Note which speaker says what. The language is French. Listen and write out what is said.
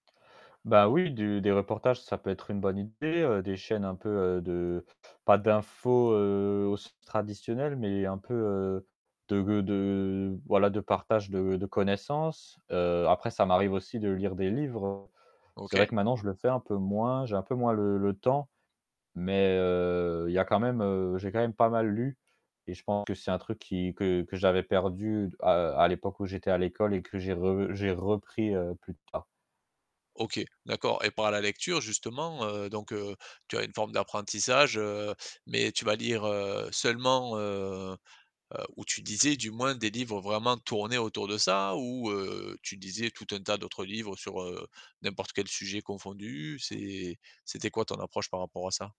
Speaker 1: Bah oui, du des reportages, ça peut être une bonne idée, heu, des chaînes un peu, heu, de pas d'info, heu, au sens traditionnel mais un peu heu, de g de, voilà, de partage de de connaissance, heu, après, ça m'arrive aussi de lire des livres. C'est vrai
Speaker 2: OK.
Speaker 1: que maintenant, je le fais un peu moins, j'ai un peu moins le le temps mais heu, il y a quand même heu, j'ai quand même pas mal lu et je pense que c'est un truc qui que que j'avais perdu, heu, à l'époque où j'étais à l'école et que j'ai re j'ai repris, heu, plus tard.
Speaker 2: OK, d'accord et par la lecture, justement, heu, donc heu, tu as une forme d'apprentissage, heu, mais tu vas lire, heu, seulement heu heu, ou tu lisais, du moins, des livres vraiment tourner autour de ça? Ou heu, tu lisais tout un tas d'autres livres sur n'importe quel sujet confondu? C'est c'était quoi ton approche par rapport à ça?